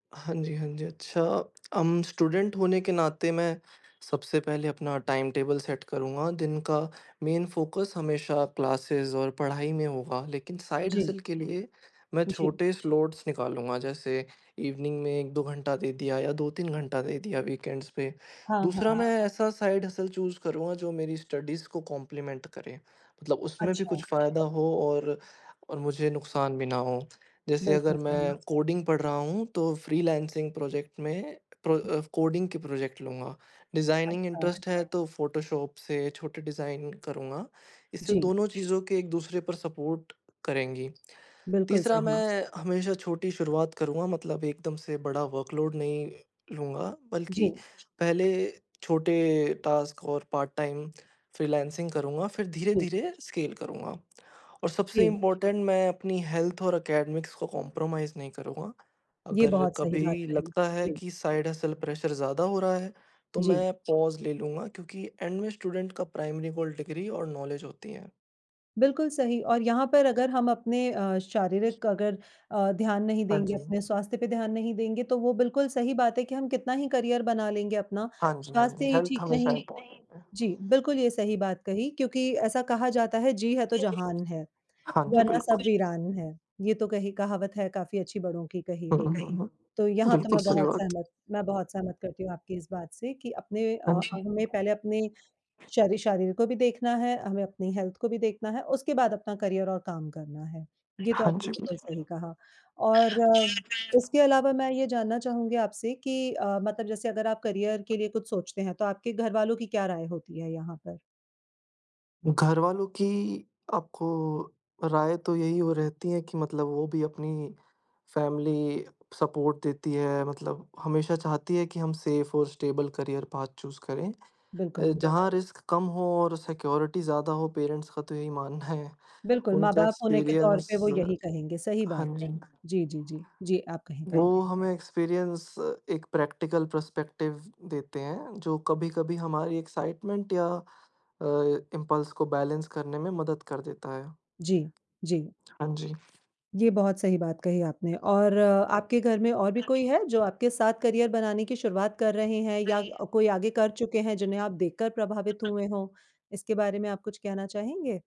हाँ जी हाँ जी, अच्छा अम, स्टुडेंट होने के नाते मैं सबसे पहले अपना टाइमटेबल सेट करूँगा। दिन का मेन फ़ोकस हमेशा क्लासेस और पढ़ाई में होगा। लेकिन साइड जी। हसल के लिए मैं जी। छोटे स्लॉट्स निकालूँगा। जैसे इवनिंग में 1-2 घंटा दे दिया या 2-3 घंटा दे दिया वीकेंड्स पे। हाँ, दूसरा, हाँ। मैं ऐसा साइड हसल चूज़ करूँगा जो मेरी स्टडीज़ को कॉम्प्लीमेंट करे। मतलब उसमें भी अच्छा। कुछ फायदा हो और और मुझे नुकसान भी ना हो। जैसे बिल्कुल अगर सही। मैं कोडिंग पढ़ रहा हूँ तो फ्रीलांसिंग प्रोजेक्ट में प्र अ, कोडिंग के प्रोजेक्ट लूँगा। डिजाइनिंग अच्छा। इंट्रेस्ट है तो फ़ोटोशॉप से छोटे डिज़ाइन करूँगा। इससे जी। दोनों चीज़ें एक-दूसरे पर सपोर्ट करेंगी। बिल्कुल तीसरा, सही। मैं हमेशा छोटी शुरुआत करूँगा। मतलब एकदम से बड़ा वर्कलोड नहीं लूँगा। बल्कि जी। पहले छोटे टॉस्क और पार्ट-टाइम फ्रीलांसिंग करूँगा फिर जी। धीरे-धीरे स्केल करूँगा। और सबसे जी। इम्पोर्टेंट मैं अपनी हेल्थ और एकेडेमिक्स को कोम्प्रोमाईज़ नहीं करूँगा। ये अगर बहुत सही बात कभी कही। लगता है जी। कि साइड हसल प्रेशर ज़्यादा हो रहा है तो जी। मैं पॉज ले लूँगा। क्योंकि एंड में स्टूडेंट का प्राइमरी गोल डिग्री और नॉलेज होती है। बिल्कुल सही और यहाँ पर अगर हम अपने अ, शारीरिक अगर अ, ध्यान नहीं हाँ देंगे, जी। अपने स्वास्थ्य पे ध्यान नहीं देंगे, तो वो बिल्कुल सही बात है कि हम कितना ही करियर बना लेंगे अपना हाँ जी, हाँ जी, स्वास्थ्य ही हेल्थ ठीक हमेशा नहीं इम्पोर्टेंट है। जी बिल्कुल ये सही बात कही क्योंकि ऐसा कहा जाता है, जी है तो जहान है हाँ जी, वरना सब बिल्कुल। वीरान है। ये तो कही कहावत है काफ़ी अच्छी बड़ों की कही हुँ, हुई। हुँ, हुँ। तो यहाँ तो बिल्कुल मैं सही बहुत बात है। सहमत मैं बहुत सहमत करती हूँ आपकी इस बात से कि अपने हाँ अ, जी। हमें पहले अपने श शरीर को भी देखना है, हमें अपनी हेल्थ को भी देखना है उसके बाद अपना करियर और काम करना है। ये तो हाँ आपने जी बिल्कुल बिल्कुल। सही कहा और उसके अलावा मैं ये जानना चाहूँगी आपसे कि अ, मतलब जैसे अगर आप करियर के लिए कुछ सोचते हैं तो आपके घरवालों की क्या राय होती है यहाँ पर? घर वालों की आपको राय तो यही हो रहती है कि मतलब वो भी अपनी फैमिली सपोर्ट देती है। मतलब हमेशा चाहती है कि हम सेफ और स्टेबल करियर पाथ चूज़ करें। अ, बिल्कुल। जहाँ रिस्क कम हो और सिक्योरिटी ज़्यादा हो, पेरेंट्स का तो यही मानना है। बिल्कुल, उनका माँ-बाप होने के तौर पर एक्सपीरियंस वो यही कहेंगे। सही हाँ बात है। जी। जी, जी, जी, जी, आप कहें वो कहें। हमें एक्सपीरियंस एक प्रैक्टिकल पर्सपेक्टिव देते हैं, जो कभी-कभी हमारी एक्साइटमेंट या अ, इम्पल्स को बैलेंस करने में मदद कर देता है। जी, जी। हाँ जी। ये बहुत सही बात कही आपने और आपके घर में और भी कोई है? जो आपके साथ करियर बनाने की शुरुआत कर रहे हैं या क कोई आगे कर चुके हैं जिन्हें आप देखकर प्रभावित हुए हों। इसके बारे में आप कुछ कहना चाहेंगे?